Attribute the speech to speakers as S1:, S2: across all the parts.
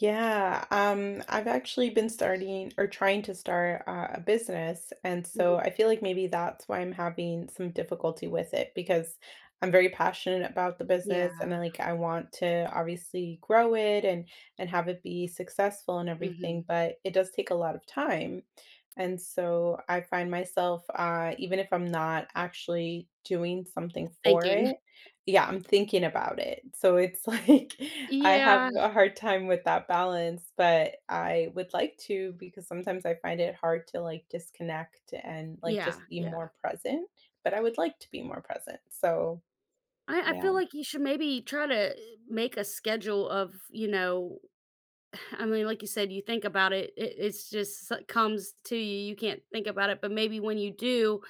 S1: Yeah. Um, I've actually been starting or trying to start, uh, a business, and, so
S2: Mhm.
S1: I feel like maybe that's why I'm having some difficulty with it, because I'm very passionate about the business,
S2: Yeah.
S1: and then, like, I want to, obviously, grow it and and have it be successful and everything,
S2: Mhm.
S1: but it does take a lot of time. And, so, I find myself, uh even if I'm not actually doing something for
S2: Thinking.
S1: it Yeah, I'm thinking about it. So, it's like, I have
S2: Yeah.
S1: a hard time with that balance, but I would like to because sometimes I find it hard to, like, disconnect and, like,
S2: Yeah.
S1: just be
S2: Yeah.
S1: more present, but I would like to be more present. So,
S2: I I
S1: yeah
S2: feel like you should, maybe, try to, uh, make a schedule of, you know I mean, like you said, you think about it, it it's just s comes to you, you can't think about it, but, maybe when you do,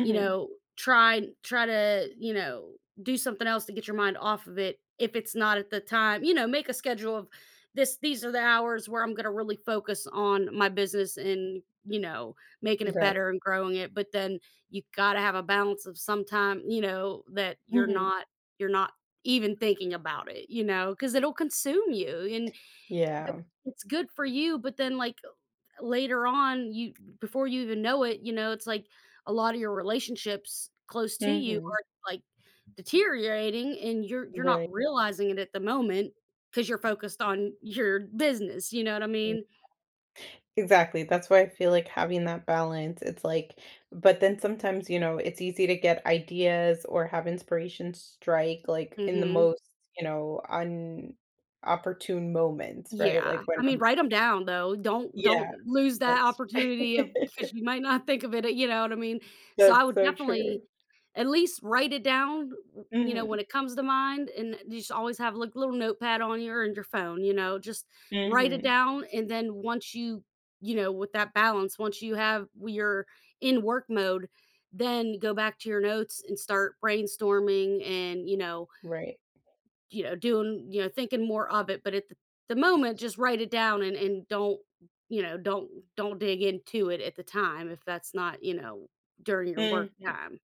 S2: you know, try try to, you know, do something else to get your mind off of it, if it's not at the time you know, make a schedule of, "This these are the hours where I'm gonna really focus on my business and, you know, making it
S1: Right.
S2: better and growing it." But then, you gotta have a balance of some time, you know, that you're
S1: Mhm.
S2: not you're not even thinking about it, you know, 'cause it'll consume you and
S1: Yeah.
S2: [unintelligible] it's good for you but, then, like, uh, th later on, you before you even know it, you know, it's, like, a lotta your relationships close to you
S1: Mhm.
S2: are, like, deteriorating and you're you're not
S1: Right.
S2: realizing it at the moment 'cause you're focused on your business, you know what I
S1: Mm,
S2: mean?
S1: yeah. Exactly, that's why I feel like having that balance, it's, like but then sometimes, you know, it's easy to get ideas or have inspiration strike, like, in the
S2: Mhm.
S1: most, you know, inopportune moments, right?
S2: Yeah.
S1: Like, when
S2: I mean,
S1: I'm
S2: write 'em down, though, don't
S1: Yeah,
S2: don't lose that
S1: that's
S2: opportunity of 'cause you might not think of it, uh, you know what I mean? So, I
S1: That's
S2: would
S1: so true.
S2: definitely at least write it down, uh, w you know, when
S1: Mhm.
S2: it comes to mind and a just always have, like, little notepad on your on your phone, you know, just write it
S1: Mhm.
S2: down and, then once you you know, with that balance, once you have w you're in work mode, then go back to your notes and start brainstorming and, you know
S1: Right.
S2: you know, doing you know, thinking more of it. But at th the moment, just write it down and and don't, you know, don't don't dig into it at the time if that's not, you know, during your work
S1: Mhm.
S2: time.